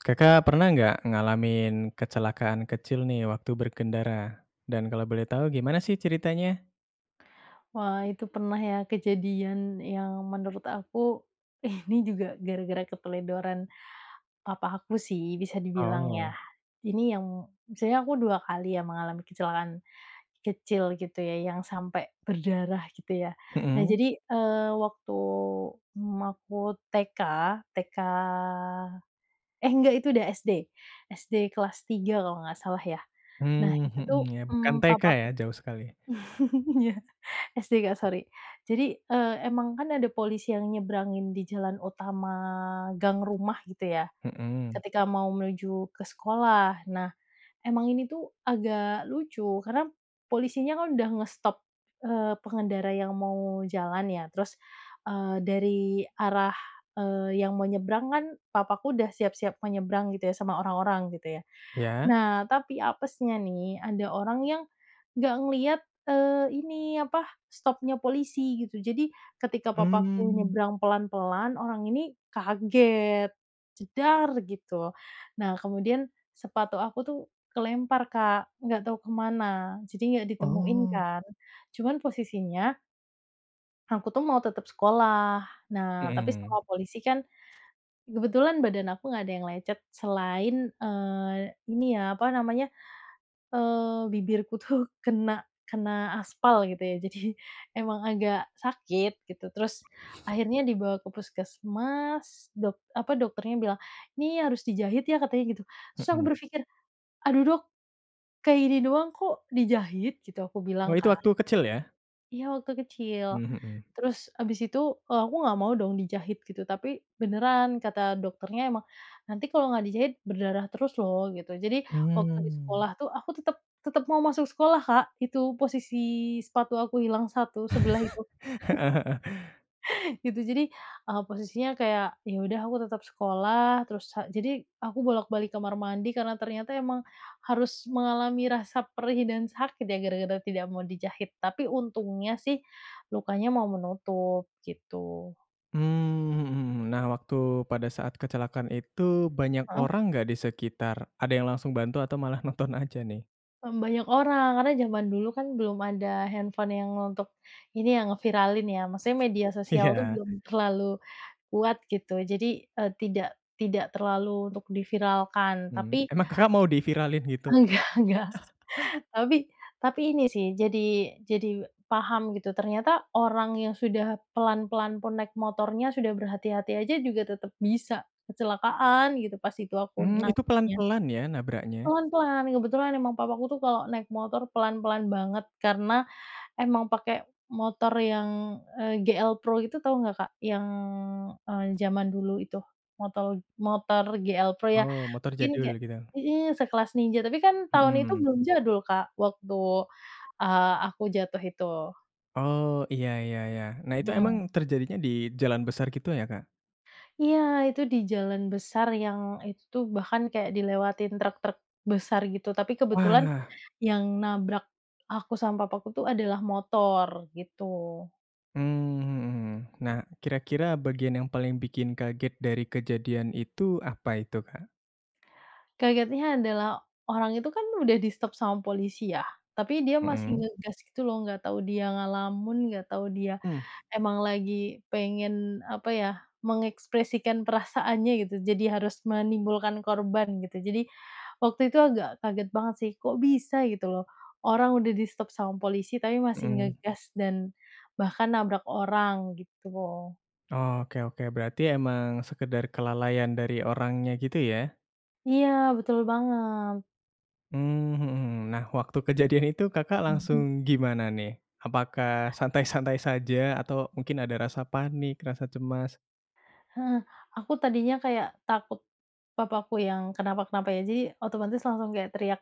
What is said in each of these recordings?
Kakak pernah enggak ngalamin kecelakaan kecil nih waktu berkendara. Dan kalau boleh tahu gimana sih ceritanya? Wah itu pernah ya kejadian yang menurut aku, ini juga gara-gara keteledoran papa aku sih, bisa dibilang ya. Oh. Ini yang misalnya aku 2 kali ya mengalami kecelakaan kecil gitu ya, yang sampai berdarah gitu ya. Nah Mhm. jadi, eee, waktu, mmm, aku TK, TK eh enggak itu udah SD, SD kelas 3 kalau nggak salah ya. Nah Mmm, itu mhm tuh, ya, bukan mmm TK papaku, ya? Jauh sekali. iya SD Kak sori, jadi e emang kan ada polisi yang nyeberangin di jalan utama gang rumah gitu ya, Mhm. ketika mau menuju ke sekolah. Nah, emang ini tuh agak lucu, karena polisinya kan udah nge-stop, eee, pengendara yang mau jalan ya, terus, eee, dari arah, eee, yang mau nyebrang kan papaku udah siap-siap mau nyebrang gitu ya, sama orang-orang gitu ya. Iya. Nah tapi apesnya nih ada orang yang nggak ngeliat, eee, ini apa stop-nya polisi gitu, jadi ketika papaku Mmm. nyebrang pelan-pelan orang ini kaget, "jedar" gitu, nah kemudian sepatu aku tuh kelempar Kak nggak tahu kemana, jadi nggak ditemuin Oh. kan. Cuman posisinya aku tuh mau tetap sekolah. Nah tapi Mhm. sama polisi kan kebetulan badan aku nggak ada yang lecet selain, eee, ini ya apa namanya, eee, bibirku tuh kena kena aspal gitu ya, jadi emang agak sakit gitu. Terus akhirnya dibawa ke puskesmas dok apa dokternya bilang, "Ini harus dijahit ya." katanya gitu, terus aku Mhm. berpikir, "Aduh dok, kayak gini doang kok dijahit?" gitu aku Oh bilang itu Kak. waktu kecil ya? Iya waktu kecil, Mhm. terus habis itu, e aku nggak mau dong dijahit gitu, tapi beneran kata dokternya emang, "Nanti kalau nggak dijahit, berdarah terus loh." gitu, jadi waktu di Mmm. sekolah tuh aku tetap tetap mau masuk sekolah Kak, itu posisi sepatu aku hilang 1 sebelah itu, Heeh heeh. gitu. Jadi, e posisinya kayak ya udah aku tetap sekolah, terus ha jadi aku bolak balik kamar mandi, karena ternyata emang harus mengalami rasa perih dan sakit ya gara-gara tidak mau dijahit, tapi untungnya sih lukanya mau menutup, gitu. Mmm, mhm mhm, mmm. Nah waktu pada saat kecelakaan itu, banyak Heeh. orang enggak di sekitar? Ada yang langsung bantu atau malah nonton aja nih? Mmm, banyak orang, karena jaman dulu kan belum ada handphone yang untuk, ini ya ngeviralin ya. Maksudnya media sosial tuh Iya. belum terlalu kuat gitu, jadi e tidak tidak terlalu untuk di viralkan. Mmm, tapi emang Kakak mau di viralin gitu? enggak enggak, tapi tapi ini sih jadi jadi paham gitu, ternyata orang yang sudah pelan-pelan pun naik motornya, sudah berhati-hati aja juga tetap bisa kecelakaan gitu, pas itu aku Mmm, itu pelan nangkapnya. pelan ya nabraknya? Pelan-pelan, kebetulan emang papa aku tuh kalau naik motor pelan-pelan banget, karena emang pakai motor yang, e GL Pro itu, tau nggak Kak? Yang e jaman dulu itu, motol motor GL Pro ya, Oh motor mungkin jadul, kayak gitu? mhm, sekelas Ninja, tapi kan tahun itu Mhm. belum jadul Kak, waktu, eee, aku jatuh itu. Oh, iya iya iya. Nah itu emang Mhm. terjadinya di jalan besar gitu ya Kak? Iya itu di jalan besar yang itu tuh bahkan kayak dilewatin truk-truk besar gitu, tapi kebetulan Wah. yang nabrak aku sama papaku tuh adalah motor, gitu. Mmm, mhm mhm. Nah, kira-kira bagian yang paling bikin kaget dari kejadian itu, apa itu Kak? Kagetnya adalah orang itu kan udah di stop sama polisi ya, tapi dia masih Mhm. ngegas gitu loh, nggak tahu dia ngelamun, nggak tahu dia Mmm. emang lagi pengen apa ya, mengekspresikan perasaannya gitu, jadi harus menimbulkan korban gitu. Jadi, waktu itu agak kaget banget sih kok bisa gitu loh, orang udah di stop sama polisi tapi masih Mhm. ngegas dan, bahkan nabrak orang, gitu. Oh, oke oke. Berarti emang sekadar kelalaian dari orangnya gitu, ya? Iya, betul banget. Hmm, mhm mhm. Nah, waktu kejadian itu, Kakak Mhm. langsung gimana, nih? Apakah santai-santai saja? Atau mungkin ada rasa panik, rasa cemas? Heeh. Aku tadinya kayak takut papaku yang kenapa-kenapa, ya. Jadi, otomatis langsung kayak teriak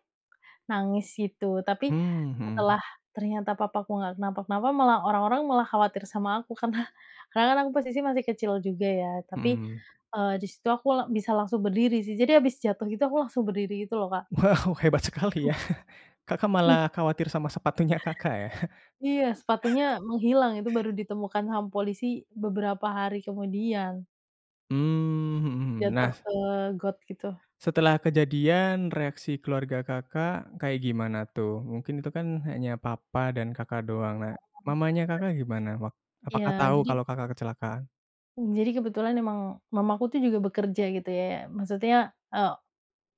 nangis gitu. Tapi, Hmm, mhm. setelah ternyata papaku enggak kenapa-kenapa, malah orang-orang malah khawatir sama aku. Karena karena kan, aku posisi masih kecil juga, ya. Tapi, Mhm. eee, di situ aku la bisa langsung berdiri, sih. Jadi habis jatuh gitu, aku langsung berdiri gitu, lo, Kak. Wow, hebat sekali, ya. Kakak I malah khawatir sama sepatunya Kakak, ya? Iya, sepatunya menghilang. Itu baru ditemukan sama polisi beberapa hari kemudian. Hmm, mhm mhm. Nah, Jatuh s ke got gitu. setelah kejadian, reaksi keluarga Kakak kayak gimana, tuh? Mungkin itu kan hanya papa dan Kakak doang. Nah, mamanya Kakak gimana? Wak Iya, apakah tahu jadi kalau Kakak kecelakaan? hmm, jadi kebetulan emang mamaku tuh juga bekerja, gitu ya. Maksudnya, e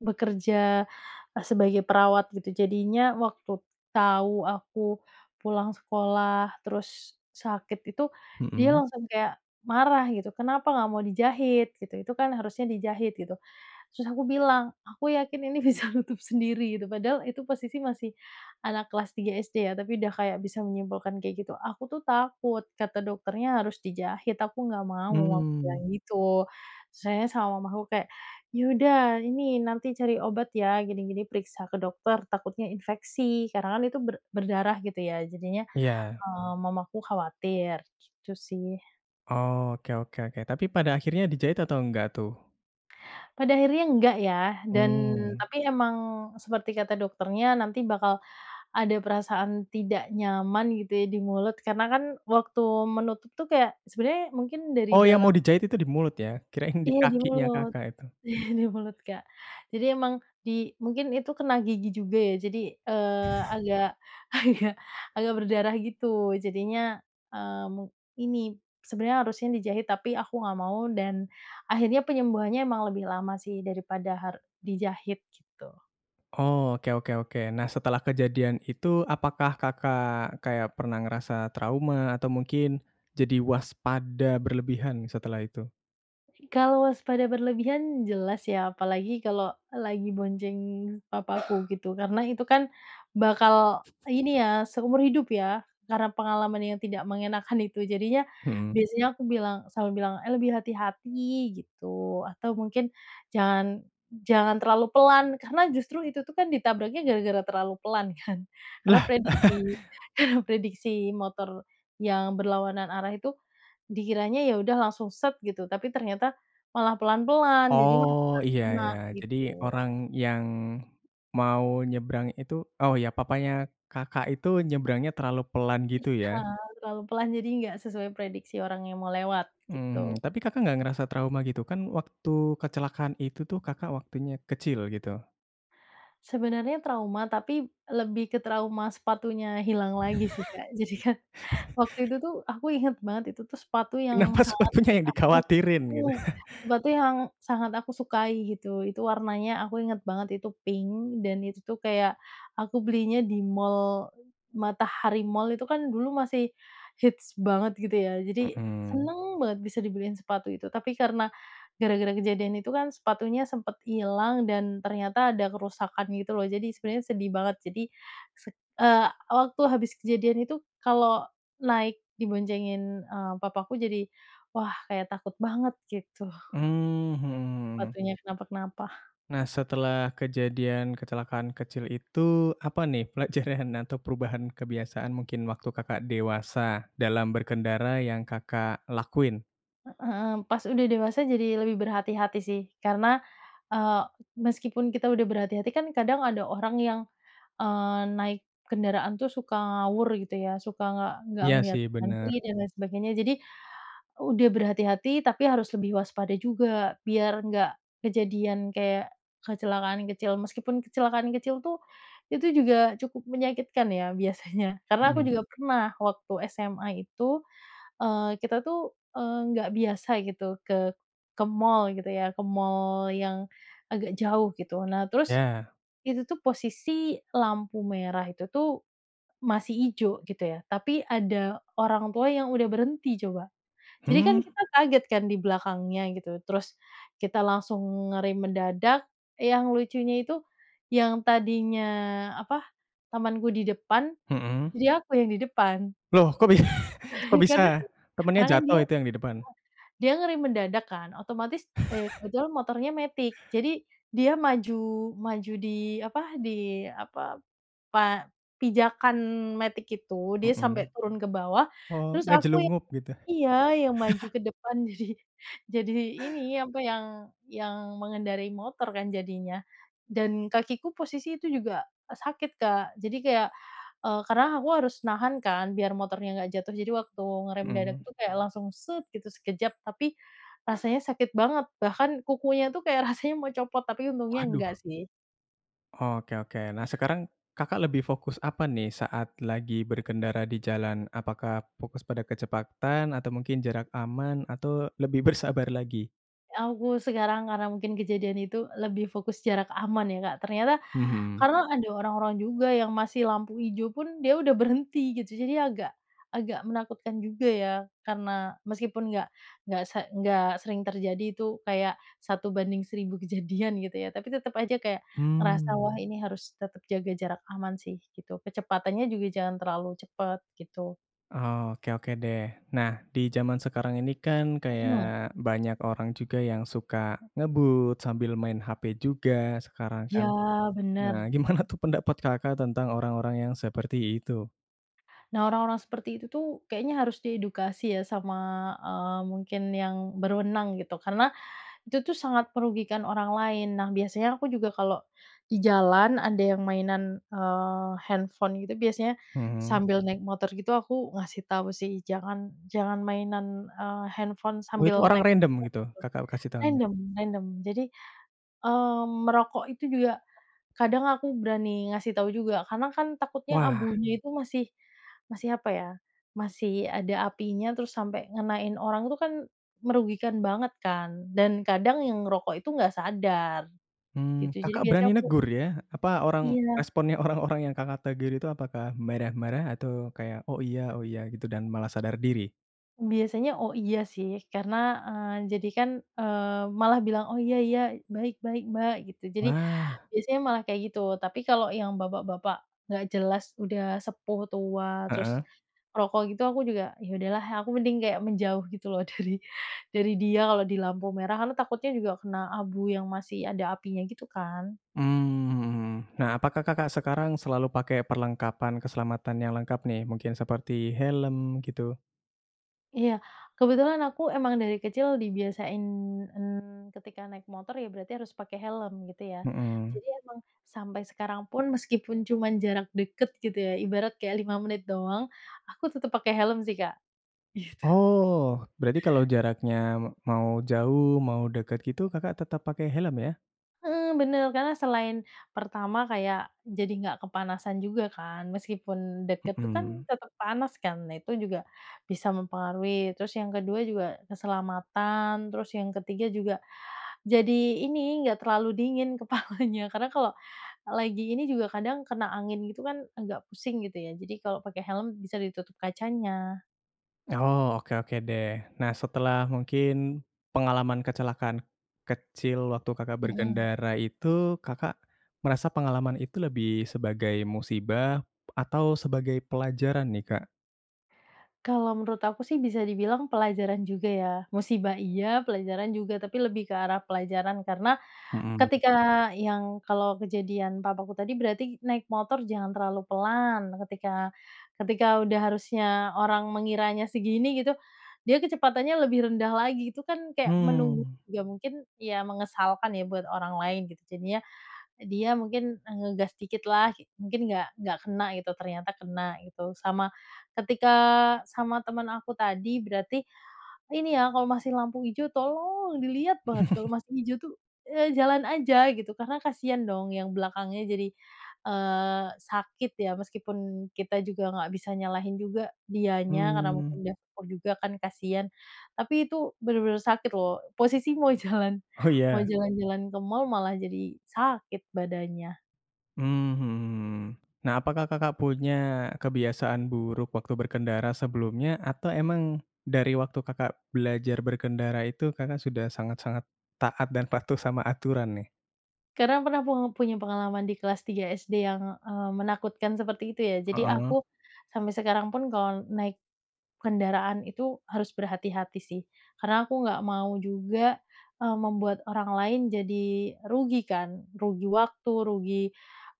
bekerja e sebagai perawat, gitu. Jadinya waktu tahu aku pulang sekolah terus sakit itu, dia Mhm. langsung kayak marah, gitu, "Kenapa enggak mau dijahit?" Gitu, "itu kan, harusnya dijahit!" gitu. Terus aku bilang, "Aku yakin ini bisa nutup sendiri," gitu. Padahal, itu posisi masih anak kelas 3 SD ya, tapi udah kayak bisa menyimpulkan kayak gitu. "Aku tuh takut. Kata dokternya harus dijahit, aku enggak mau," aku bilang Hmm. gitu. Terus akhirnya sama mamaku kayak, "Ya udah, ini nanti cari obat ya, gini, gini, periksa ke dokter, takutnya infeksi," karena kan itu ber berdarah, gitu ya. Jadinya, Iya. eee, mamaku khawatir, gitu sih. Oh oke oke oke, tapi pada akhirnya dijahit atau enggak tuh? Pada akhirnya enggak ya, dan Hmm. tapi emang seperti kata dokternya nanti bakal ada perasaan tidak nyaman gitu ya di mulut karena kan waktu menutup tuh kayak sebenernya mungkin dari Oh yang mau dalam dijahit itu di mulut ya? Kirain di iya, di kakinya mulut. Kakak itu. Di mulut Kak. Jadi emang di mungkin itu kena gigi juga ya jadi, eee, agak, agak agak berdarah gitu. Jadinya, eee, mung ini sebenernya harusnya dijahit tapi aku nggak mau dan akhirnya penyembuhannya memang lebih lama sih daripada har dijahit gitu. Oh oke oke oke. Nah, setelah kejadian itu apakah Kakak kayak pernah ngerasa trauma atau mungkin jadi waspada berlebihan setelah itu? Kalau waspada berlebihan, jelas ya, apalagi kalau lagi bonceng papaku gitu karena itu kan bakal ini ya, seumur hidup ya karena pengalaman yang tidak mengenakkan itu, jadinya Hmm. biasanya aku bilang selalu bilang eh lebih hati-hati gitu. Atau mungkin jangan, jangan terlalu pelan karena justru itu tuh kan ditabraknya gara-gara terlalu pelan kan? Karena Lah? prediksi, prediksi motor yang berlawanan arah itu dikiranya ya udah langsung set gitu tapi ternyata malah pelan-pelan, jadi Oh malah iya kena ya. Jadi gitu. orang yang mau nyebrang itu oh ya papanya Kakak itu nyebrangnya terlalu pelan gitu Iya, ya? terlalu pelan, jadi nggak sesuai prediksi orang yang mau lewat, Mhm. gitu. Tapi Kakak nggak ngerasa trauma gitu? Kan waktu kecelakaan itu tuh Kakak waktunya kecil gitu. Sebenernya trauma, tapi lebih ke trauma sepatunya hilang lagi sih Kak. jadikan, waktu itu tuh aku ingat banget itu tuh sepatu Kenapa yang sangat sepatunya yang aku. dikhawatirin gitu? [unintelligible] Sepatu yang sangat aku sukai gitu, itu warnanya aku inget banget itu pink dan itu tuh kayak aku belinya di mall, Matahari Mall itu kan dulu masih hits banget gitu ya, jadi Hmm. seneng banget bisa dibeliin sepatu itu tapi karena gara-gara kejadian itu kan sepatunya sempet ilang dan ternyata ada kerusakan gitu loh. Jadi sebenernya sedih banget. Jadi sed eee, waktu habis kejadian itu kalau naik diboncengin, eee, papaku jadi wah kayak takut banget gitu. Mhm. Hmm. Sepatunya kenapa-kenapa. Nah setelah kejadian kecelakaan kecil itu, apa nih pelajaran atau perubahan kebiasaan mungkin waktu Kakak dewasa dalam berkendara yang Kakak lakuin? Hmm. Pas udah dewasa jadi lebih berhati-hati sih. Karena, eee, meskipun kita udah berhati-hati kan kadang ada orang yang, eee, naik kendaraan tuh suka ngawur gitu ya, suka nggak nggak Iya ngelihat sih. kanan Bener. kiri dan lain sebagainya, jadi udah berhati-hati tapi harus lebih waspada juga biar nggak kejadian kayak kecelakaan kecil, meskipun kecelakaan kecil tuh, itu juga cukup menyakitkan ya biasanya. Karena aku Hmm. juga pernah waktu SMA itu, eee, kita tuh, eee, nggak biasa gitu ke ke mall gitu ya, ke mall yang agak jauh gitu. Nah, terus Ya. itu tuh posisi lampu merah itu tuh masih ijo gitu ya, tapi ada orang tua yang udah berhenti coba. Jadi kan Hmm? kita kaget kan dibelakangnya gitu, terus kita langsung ngerem mendadak, yang lucunya itu yang tadinya apa, temenku di depan, Hmm. jadi aku yang di depan. Lho kok bi kok Karena, bisa? Temennya karena kan dia jatuh itu yang di depan? dia ngerem mendadak kan otomatis, eee, kebetulan motornya matic jadi dia maju, maju di apa di apa, pa pijakan matic itu, dia Hmm. sampai turun ke bawah, Oh, terus aku yang ngejlungup gitu? iya, yang maju ke depan, jadi jadi ini apa yang yang mengendarai motor kan jadinya. Dan kakiku posisi itu juga sakit Kak, jadi kayak eee, karena aku harus nahan kan biar motornya nggak jatuh jadi waktu ngerem mendadak Hmm. tuh kayak langsung set gitu sekejap, tapi rasanya sakit banget bahkan kukunya tuh kayak rasanya mau copot tapi untungnya Waduh. enggak sih. Oke oke. Eh. Nah sekarang Kakak lebih fokus apa nih saat lagi berkendara di jalan? Apakah fokus pada kecepatan atau mungkin jarak aman? Atau lebih bersabar lagi? Aku sekarang karena mungkin kejadian itu lebih fokus jarak aman ya Kak, ternyata Hmm. karena ada orang-orang juga yang masih lampu ijo pun dia udah berhenti gitu jadi agak, agak menakutkan juga ya karena meskipun nggak nggak se nggak sering terjadi itu kayak 1 banding 1.000 kejadian gitu ya, tapi tetep aja kayak ngerasa wah Hmm. ini harus tetep jaga jarak aman sih, gitu. Kecepatannya juga jangan terlalu cepet, gitu. Oke oke deh. Nah, di jaman sekarang ini kan kayak Hmm. banyak orang juga yang suka ngebut sambil main hp juga sekarang kan? Ya Nah bener. gimana tuh pendapat Kakak tentang orang-orang yang seperti itu? Nah orang-orang seperti itu tuh kayaknya harus diedukasi ya sama, eee, mungkin yang berwenang gitu karena itu tuh sangat merugikan orang lain. Nah biasanya aku juga kalau di jalan ada yang mainan eee, handphone gitu biasanya Hmm. sambil naik motor gitu aku ngasih tahu sih, jangan jangan mainan eee, handphone Wah sambil orang naik random motor. gitu Kakak kasih tahunya? Random random. Jadi, eee, merokok itu juga kadang aku berani ngasih tau juga karena kan takutnya Wah! abunya itu masih masih apa ya, masih ada apinya terus sampai ngenain orang, itu kan merugikan banget kan? Dan kadang yang ngerokok itu nggak sadar, gitu. Mhm. Jadi Kakak biasanya berani aku negur ya? Apa orang, iya. responnya orang-orang yang Kakak tegur itu apakah marah-marah atau kayak oh iya, oh iya gitu dan malah sadar diri? Biasanya oh iya sih, karena eee, jadi kan, eee, malah bilang oh iya iya, baik baik Mbak gitu. Jadi Wah. biasanya malah kayak gitu tapi kalau yang bapak-bapak nggak jelas udah sepuh, tua, terus Heeh. ngrokok gitu aku juga, ya udahlah, aku mending kayak menjauh gitu loh dari dari dia kalau di lampu merah, karena takutnya juga kena abu yang masih ada apinya gitu kan? Hmm. Nah, apakah Kakak sekarang selalu pakai perlengkapan keselamatan yang lengkap nih, mungkin seperti helm gitu? Iya, kebetulan aku emang dari kecil dibiasain, mhm, ketika naik motor ya berarti harus pakai helm gitu ya. Hmm. Jadi emang sampai sekarang pun meskipun cuma jarak dekat gitu ya, ibarat kayak 5 menit doang, aku tetep pakai helm sih, Kak. Gitu. Oh berarti kalau jaraknya mau jauh, mau dekat gitu, Kakak tetap pakai helm ya? Heeh, bener. Karena selain pertama kayak jadi nggak kepanasan juga kan meskipun deket tuh kan Hmm. tetep panas kan? Nah, itu juga bisa mempengaruhi. Terus yang ke-2 juga keselamatan, terus yang ke-3 juga jadi ini, nggak terlalu dingin kepalanya karena kalau lagi ini juga kadang kena angin gitu kan agak pusing gitu ya, jadi kalau pakai helm bisa ditutup kacanya. Oh oke oke deh. Nah, setelah mungkin pengalaman kecelakaan kecil waktu Kakak Hmm. berkendara itu Kakak merasa pengalaman itu lebih sebagai musibah atau sebagai pelajaran nih, Kak? Kalau menurut aku sih bisa dibilang pelajaran juga ya. Musibah iya, pelajaran juga tapi lebih ke arah pelajaran karena Hmm. ketika yang kalau kejadian papaku tadi berarti naik motor jangan terlalu pelan. Ketika ketika udah harusnya orang mengiranya segini gitu, dia kecepatannya lebih rendah lagi, itu kan kayak menunggu, Hmm. ya mungkin ya mengesalkan ya buat orang lain gitu, jadinya dia mungkin ngegas dikit lah, mungkin nggak nggak kena gitu, ternyata kena gitu. Sama ketika sama temen aku tadi berarti ini ya, kalau masih lampu hijau tolong dilihat banget, kalau masih hijau tuh, eee, jalan aja gitu, karena kasihan dong yang belakangnya jadi, eee, sakit ya. Meskipun kita juga nggak bisa nyalahin juga dianya, karena mungkin Hmm. dia fokus juga kan kasihan, tapi itu bener-bener sakit loh. Posisi mau jalan, Oh mau ya. jalan-jalan ke mall malah jadi sakit badannya. Mhm, hmm. Nah, apakah Kakak punya kebiasaan buruk waktu berkendara sebelumnya atau memang dari waktu Kakak belajar berkendara itu Kakak sudah sangat-sangat taat dan patuh sama aturan nih? Karena pernah pung punya pengalaman di kelas 3 SD yang, eee, menakutkan seperti itu ya, jadi Heeh. aku sampai sekarang pun kalau naik kendaraan itu harus berhati-hati sih. Karena aku nggak mau juga, eee, membuat orang lain jadi rugi kan? Rugi waktu, rugi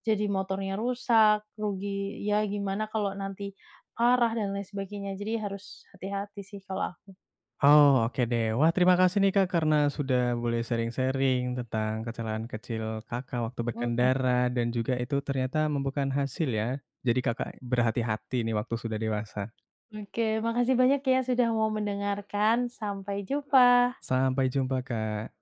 jadi motornya rusak, rugi ya gimana kalau nanti arah dan lain sebagainya jadi harus hati-hati sih kalau aku. Oh oke deh. Wah, terima kasih nih Kak karena sudah boleh sharing-sharing tentang kecelakaan kecil Kakak waktu Hmm. berkendara dan juga itu ternyata membuahkan hasil ya? Jadi Kakak berhati-hati nih waktu sudah dewasa. Oke, makasih banyak ya sudah mau mendengarkan. Sampai jumpa. Sampai jumpa, Kak.